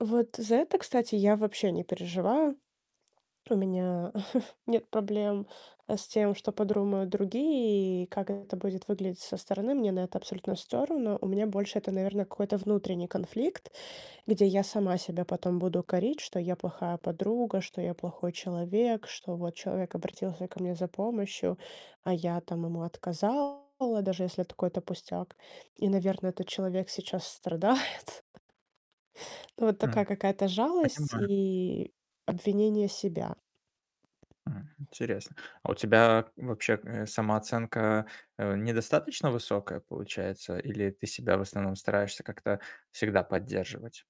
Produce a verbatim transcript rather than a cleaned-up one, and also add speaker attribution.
Speaker 1: Вот за это, кстати, я вообще не переживаю. У меня нет проблем, э, с тем, что подрумают другие и как это будет выглядеть со стороны. Мне на это абсолютно всё равно. У меня больше это, наверное, какой-то внутренний конфликт, где я сама себя потом буду корить, что я плохая подруга, что я плохой человек, что вот человек обратился ко мне за помощью, а я там ему отказала, даже если это какой-то пустяк, и, наверное, этот человек сейчас страдает. Ну, вот
Speaker 2: Хм,
Speaker 1: такая какая-то жалость
Speaker 2: понимаю.
Speaker 1: и обвинение себя.
Speaker 2: Мгм, интересно. А у тебя вообще, э, самооценка, э, недостаточно высокая получается, или ты себя в основном стараешься как-то всегда поддерживать?